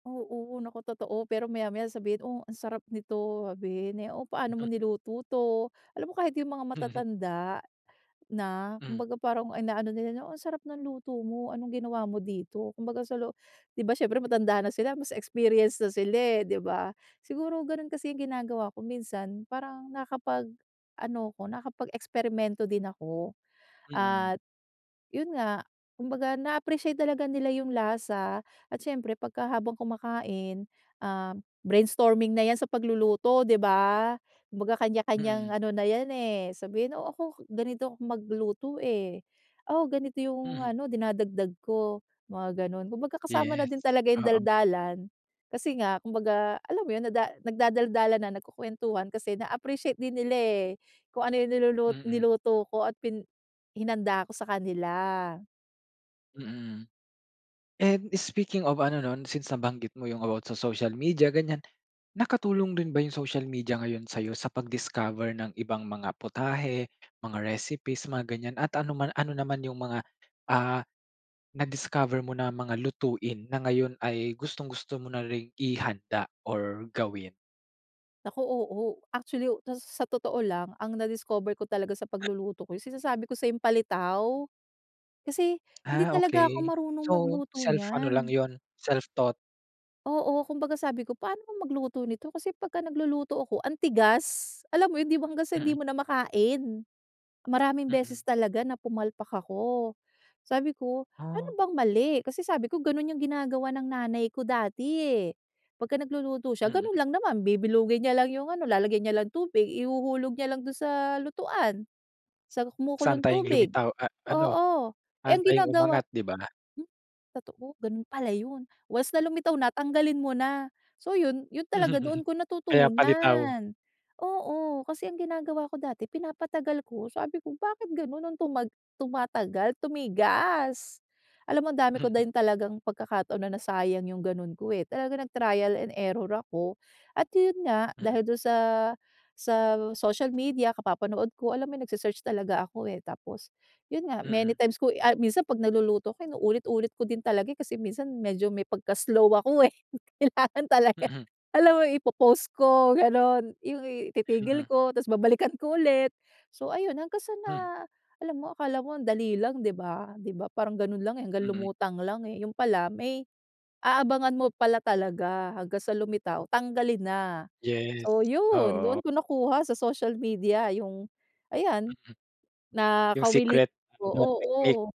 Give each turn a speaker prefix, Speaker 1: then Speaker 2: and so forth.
Speaker 1: Oo, naku totoo. Pero maya-maya sabihin, "Oh ang sarap nito", sabihin eh, "Oh paano mo niluto 'to?" Alam mo kahit yung mga
Speaker 2: Mhm.
Speaker 1: matatanda na,
Speaker 2: Hmm.
Speaker 1: kumbaga parang inaano nila na, "Oh ang sarap ng luto mo, anong ginawa mo dito?" Kumbaga sa lo 'di ba siyempre matanda na sila mas experience na sila eh, 'di ba? Siguro, ganun kasi yung ginagawa ko minsan, parang nakapag ano ako, nakapag-eksperimento din ako
Speaker 2: Mm.
Speaker 1: at yun nga, kumbaga na-appreciate talaga nila yung lasa at siyempre pagka habang kumakain ah, brainstorming na 'yan sa pagluluto 'di ba? Kumbaga kanya-kanyang
Speaker 2: Mm.
Speaker 1: ano na yan eh, sabihin, "O, ako ganito 'ko magluto eh. Oh ganito yung
Speaker 2: Mhm.
Speaker 1: ano dinadagdag ko." Mga ganun. Kumbaga kasama na din
Speaker 2: Yes.
Speaker 1: talaga yung
Speaker 2: Oo.
Speaker 1: daldalan, kasi nga kumbaga alam mo yun, nada nagdadaldalan na, nagkukuwentuhan kasi na appreciate din nila eh, kung ano yung nilulu
Speaker 2: Mm.
Speaker 1: niluto ko at pin hinanda ko sa kanila.
Speaker 2: Mm. And speaking of ano nun, since, nabanggit mo yung about sa social media ganyan. Nakatulong rin ba yung social media ngayon sa'yo sa pag-discover ng ibang mga putahe, mga recipes, mga ganyan at ano man ano naman yung mga ah, na discover mo na mga lutuin na ngayon ay gustong-gusto mo na ring ihanda or gawin?
Speaker 1: Naku, oo. Actually, to s sa totoo lang, ang na-discover ko talaga sa pagluluto ko, yung sinasabi ko sa'yong palitaw, kasi hindi
Speaker 2: Ah,
Speaker 1: talaga ako
Speaker 2: okey.
Speaker 1: marunong
Speaker 2: So,
Speaker 1: magluto
Speaker 2: self ano lang
Speaker 1: niyan.
Speaker 2: yun, self-taught?
Speaker 1: Oo, kumbaga sabi ko, "Paano ba magluto nito?" kasi pagka nagluluto ako ang tigas. Alam mo yun tipong hanggang sa
Speaker 2: Mm.
Speaker 1: hindi mo na makain. Maraming
Speaker 2: Mm.
Speaker 1: beses talaga na pumalpak ako. Sabi ko, "Ano
Speaker 2: Ah.
Speaker 1: bang mali?" kasi sabi ko, "Ganun yung ginagawa ng nanay ko dati eh." Pagka nagluluto siya,
Speaker 2: Mm.
Speaker 1: ganun lang naman bibilugin niya lang yung ano, lalagyan niya lang tubig. Ihuhulog niya lang dun sa lutuan, sa
Speaker 2: So
Speaker 1: kumukulong
Speaker 2: antaying
Speaker 1: tubig.
Speaker 2: lumitaw a ano,
Speaker 1: Oo. Eh ang
Speaker 2: aantaying
Speaker 1: ginagawa
Speaker 2: umangat, 'di ba?
Speaker 1: Hmm, totoo. Ganun pala yun. Once na lumitaw na tanggalin mo na. So yun, yun talaga doon ko
Speaker 2: Kaya palitaw.
Speaker 1: natutunan. Oo, kasi ang ginagawa ko dati pinapatagal ko sabi ko, "Bakit ganun nung tuma tumatagal, tumigas?" alam mo, ang dami ko din talagang pagkakataon na nasayang yung ganun ko eh. Talagang nag-trial and error ako at yun nga dahil dun sa sa social media, kapapanood ko. Alam mo yun nagse-search talaga ako eh, tapos yun, nga
Speaker 2: Mm.
Speaker 1: many times ko i ay minsan 'pag nagluluto ko inuulit-ulit ko din talaga eh, kasi minsan medyo may pagka slow ako eh. Kailangan talaga,
Speaker 2: Mm.
Speaker 1: alam mo ipo-pause ko ganun, yung ititigil
Speaker 2: Mm.
Speaker 1: ko tapos babalikan ko ulit. So ayun, hanggang sa na
Speaker 2: Hmm.
Speaker 1: alam mo akala mo ang dali lang, 'di ba? Di ba parang ganun lang eh, hanggang
Speaker 2: Mm.
Speaker 1: lumutang lang eh, yun pala may aabangan mo pala talaga hanggang sa lumitaw, tanggalin na.
Speaker 2: Yes.
Speaker 1: So yun, doon
Speaker 2: Oo.
Speaker 1: ko nakuha sa social media yung ayan,
Speaker 2: Yung
Speaker 1: nakawili
Speaker 2: secret,
Speaker 1: oh,
Speaker 2: [unintelligible] technique.
Speaker 1: oo.